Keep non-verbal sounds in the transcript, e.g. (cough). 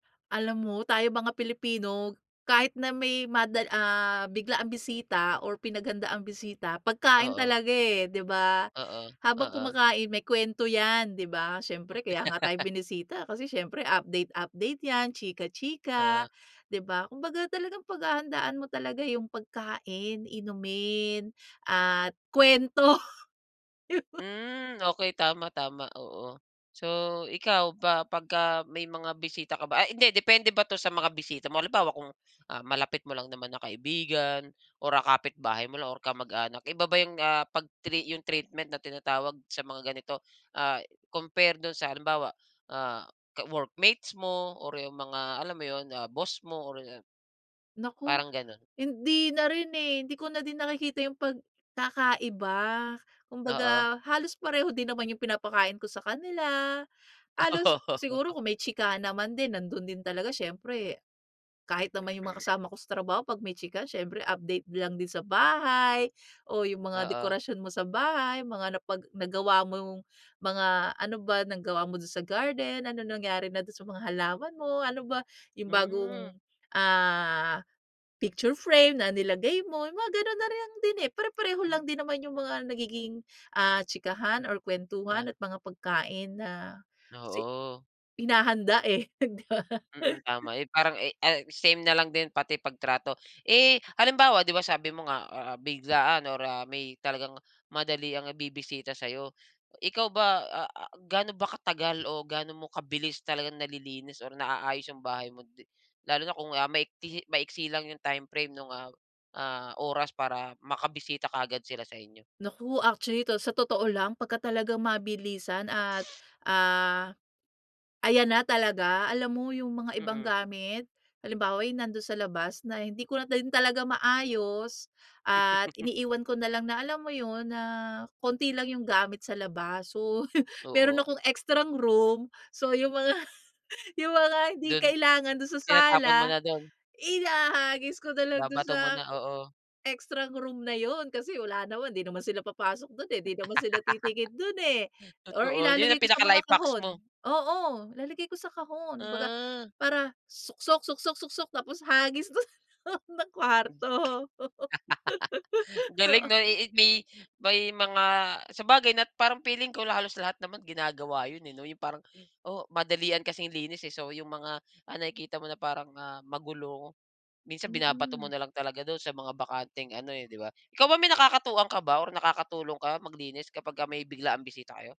Alam mo, tayong mga Pilipino kahit na may madal ah, biglaang bisita or pinaghandaang bisita, pagkain Oo. talaga, eh, di ba? Oo, (gasps) Habang oo. kumakain, may kwento yan, di ba? Siyempre kaya nga tayo (laughs) binisita, kasi siyempre update update yan, chika chika, Oo. (gasps) di ba? Kumbaga, talagang paghahandaan mo talaga yung pagkain, inumin, (gasps) at kwento. Hmm okey, tama tama, oo. So, ikaw ba pagka may mga bisita ka ba ay hindi, depende ba 'to sa mga bisita mo? Halimbawa, kung, ah, malapit mo lang naman na kaibigan or, ah, kapitbahay mo lang or kamag-anak, iba ba yung, ah, pag-tri yung treatment na tinatawag sa mga ganito, ah, compare do'n sa halimbawa, ah, ka workmates mo or yung mga alam mo yun? Ah boss mo or ah Naku, parang ganun. hindi na rin, eh. Hindi ko na din nakikita yung pagkakaiba. Oo. Kumbaga, halos pareho din naman yung pinapakain ko sa kanila. Halos siguro Oo. kung may chikahan naman din, nando'n din talaga, siyempre. Kahit naman yung mga Hmm (clears throat) kasama ko sa trabaho 'pag may chikahan, siyempre update lang din sa bahay, (gasps) o yung mga Oo. dekorasyon mo sa bahay, mga napag nagawa mong (gasps) mga ano ba, nagawa mo do'n sa garden, anong nangyari na do'n sa mga halaman mo? Ano ba (gasps) yung Hmm. bagong, ah, picture frame na nilagay mo, yung mga ganun nariyang din eh. Pare-pareho Hmm. lang din naman yung mga nagiging, (gasps) ah, chikahan or kwentuhan, Ah. at mga pagkain na (gasps) si Oo. hinahanda eh. (unintelligible) Mm, (laughs) tama. Eh, parang, eh, ah, same na lang din pati pagtrato. (gasps) Eh, halimbawa, di ba sabi mo nga, ah ah, biglaan, or ah, may talagang madaliang bibisita sayo. (gasps) Ikaw ba, ah ah, gaano ba katagal o gaano mo kabilis talagang nalilinis, or naayos yung bahay mo? Di lalo na kung, ah, maikli maiksi lang yung timeframe nung, ah, ah, oras para makabisita kaagad sila sa inyo? Naku actually, to sa totoo lang, pagka talagang mabilisan, at, (gasps) ah, ayan na talaga, alam mo yung mga ibang Mm. gamit. Halimbawa, yung nando'n sa labas na hindi ko din talaga maayos, (gasps) at (chuckles) iniiwan ko na lang na alam mo yun? Na konti lang yung gamit sa labas. So, (chuckles) mayro'n Oo. akong extrang room. (gasps) So, yung mga yung mga hindi Do'n kailangan dun sa sala, tinatapon mo na do'n. ihahagis ko na lang do'n Babato sa mo na, oo. extrang room na yun. Kasi wala naman, 'di naman sila papasok do'n eh, 'di naman sila titingin do'n eh. (laughs) Or Totoo, yun ilalagay ang ko sa mga pinaka-life-hacks kahon mo. oo, ilalagay ko sa kahon. Kumbaga, Ah. para suksok suksok suksok, tapos hagis do'n, sa (laughs) kwarto. Oo. (gasps) Galing 'no, iit may may mga sabagay na parang feeling ko, halos lahat naman ginagawa yun, eh, 'no. Yung parang (gasps) oh, madalian kasing linis eh. So, yung mga (gasps) ah, nakikita mong na parang, ah, magulo, minsan binabato mo Mm. na lang talaga do'n sa mga bakanteng ano eh, di ba? Ikaw ba may nakakatuwang ka ba or nakakatulong ka maglinis kapagka may biglaang bisita kayo?